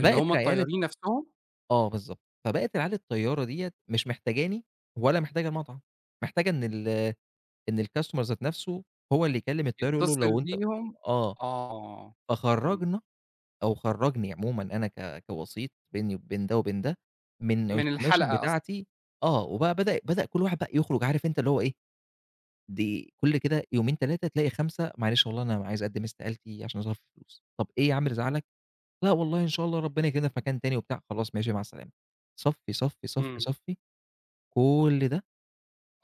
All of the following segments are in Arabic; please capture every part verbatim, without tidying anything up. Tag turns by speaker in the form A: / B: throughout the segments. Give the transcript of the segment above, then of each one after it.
A: اللي هُم
B: العيال ال
A: الطيارين نَفسهم؟
B: آه بالضبط، فبقت العيال الطيارة ديَّة، مش محتاجاني ولا محتاجة المطعم، محتاجة إن ال إن الcustomer ذات نَفسه، هو اللي يكلّم الطيار يقول له
A: يتصل
B: لو أنت
A: بيهم
B: آه،
A: آه، امم.
B: فخرّجنا، أو خرّجني عمومًا أنا ك كوسيط، بيني وبين ده وبين ده، من
A: من
B: الكوميشن
A: الحلقة أصلًا.
B: بتاعتي، آه وبقى بدأ بدأ كُلّ واحد بقى يخرج عارف أنت اللي هو إيه، دي كُلّ كده يومين، تلاتة تلاقي خمسة "معلش والله أنا عايز أقدم استقالتي عشان ظرف فلوس." "طب إيه يا عم اللي زعلك؟" "لأ والله إن شاء الله ربنا يكرمنا في مكان تاني." وبتاع، خلاص ماشي، مع السلامة، صفّي، صفّي، صفّي،
A: امم.
B: صفّي، كُلّ ده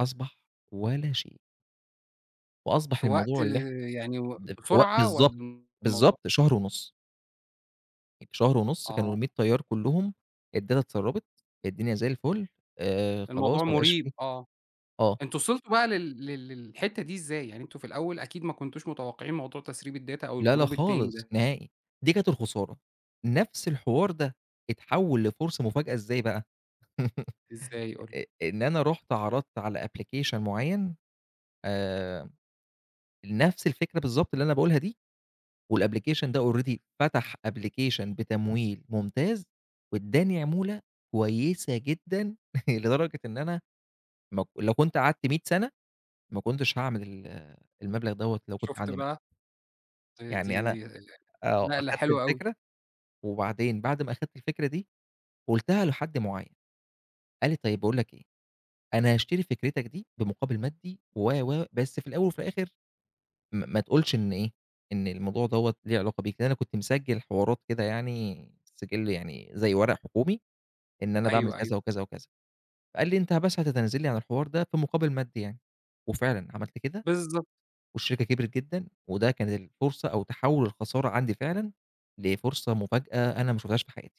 B: أصبح ولا شيء. وأصبح
A: في وقت
B: الموضوع اللي إح
A: يعني
B: ده في وق
A: بسرعة
B: بالضبط،
A: والّا الموضوع
B: بالضبط شهر ونُص. في شهر ونُص كانوا
A: آه.
B: المِية طيار كلّهم، الداتا اتسرّبت، الدنيا زي الفل، آآ، خلاص
A: الموضوع
B: ما بقاش
A: مُريب،
B: فيه
A: آه،
B: آه.
A: أنتم وصلتوا بقى لل لل للحتة دي إزاي؟ يعني أنتم في الأوّل أكيد ما كنتوش متوقعين موضوع تسريب الداتا أو
B: لأ لأ
A: الجروب التاني
B: خالص،
A: ده.
B: نهائي، دي كانت الخسارة، نَفس الحوار ده اتحول لفرصة مفاجأة، إزاي بقى؟
A: إزاي؟ قُل لي.
B: أ إن أنا رُحت عرضت على أبلكيشن معيّن، آمم، نَفس الفكرة بالضبط اللي أنا باقولها دي، والأبلكيشن ده already فتح أبلكيشن بتمويل ممتاز، واداني عمولة كويّسة جدًا، لدرجة إن أنا مك لو كنت قعدت مِية سنة، ما كنتش هاعمل ال المبلغ دوّة، لو كنت
A: شُفت
B: عندي ما
A: بقى، ده
B: يعني أنا
A: دي ال
B: آه،
A: نقلة
B: أخدت
A: حلو أوي.
B: الفكرة، وبعدين بعد ما أخدت الفكرة دي، قُلتها لحد معيّن، قال لي: "طيّب باقول لك إيه، أنا هاشتري فكرتك دي بمقابل مادي و و بس في الأوّل وفي الآخر، م ما تقولش إن إيه، إن الموضوع دوّة ليه علاقة بيك." لأن أنا كنت مسجل حوارات كده يعني، السجل يعني زي ورق حكومي، إن أنا باعمل
A: أيوه، أيوه.
B: كذا وكذا وكذا، قال لي: "أنت بس هتتنازل لي عن الحوار ده، في مقابل مادي يعني." وفعلًا عملت كده،
A: بالضبط.
B: والشركة كبرت جدًا، وده كان الفرصة أو تحوُّل الخسارة عندي فعلًا لفرصة مفاجأة، أنا ما شُفتهاش في حياتي.